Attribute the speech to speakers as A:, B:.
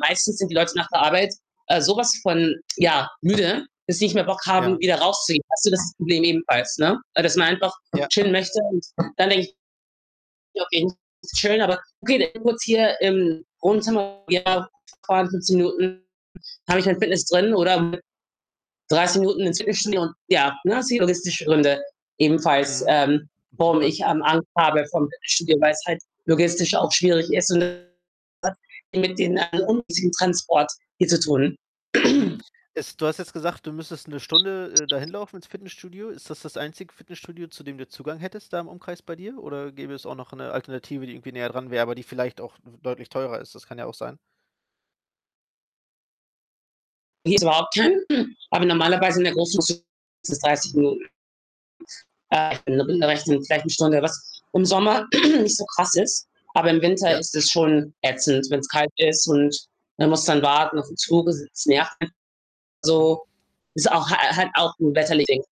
A: Meistens sind die Leute nach der Arbeit, äh, so was von, ja, müde, dass sie nicht mehr Bock haben,
B: Ja.
A: wieder rauszugehen. Hast du das Problem ebenfalls, ne? Dass man einfach
B: Ja.
A: chillen möchte und dann denke ich: „Ja, okay, ist schön, aber [unintelligible] kurz hier im Wohnzimmer“ wir fahren fahren 15 Minuten, dann habe ich mein Fitness drin oder mit 30 Minuten ins Fitnessstudio und ja, ne, sind logistische Gründe ebenfalls,
B: Mhm,
A: ähm,
B: auf jeden
A: warum
B: Fall.
A: ich, ähm, Angst habe vorm Fitnessstudio, weil's halt logistisch auch schwierig ist und [unintelligible] mit den, äh, ungünstigen Transport hier zu tun.
B: Mhm. Es du hast jetzt gesagt, du müsstest 1 Stunde, äh, dahin laufen ins Fitnessstudio. Ist das das einzige Fitnessstudio, zu dem du Zugang hättest da im Umkreis bei dir? Oder gäbe es auch noch 'ne Alternative, die irgendwie näher dran wär, aber die vielleicht auch w deutlich teurer ist? Das kann ja auch sein.
A: Hier ist überhaupt kein, [unintelligible] aber normalerweise in der Großstadt sind [unintelligible] 30 Minuten. Äh, [unintelligible] vielleicht 1 Stunde, was im Sommer nicht so krass ist, aber im Winter
B: Ja.
A: ist es schon ätzend, wenn's kalt ist und man muss dann warten auf den Zug. Das [unintelligible] nervt. [unintelligible]
B: Mhm.
A: Also, ist auch ha halt auch 'n wetterliches Ding.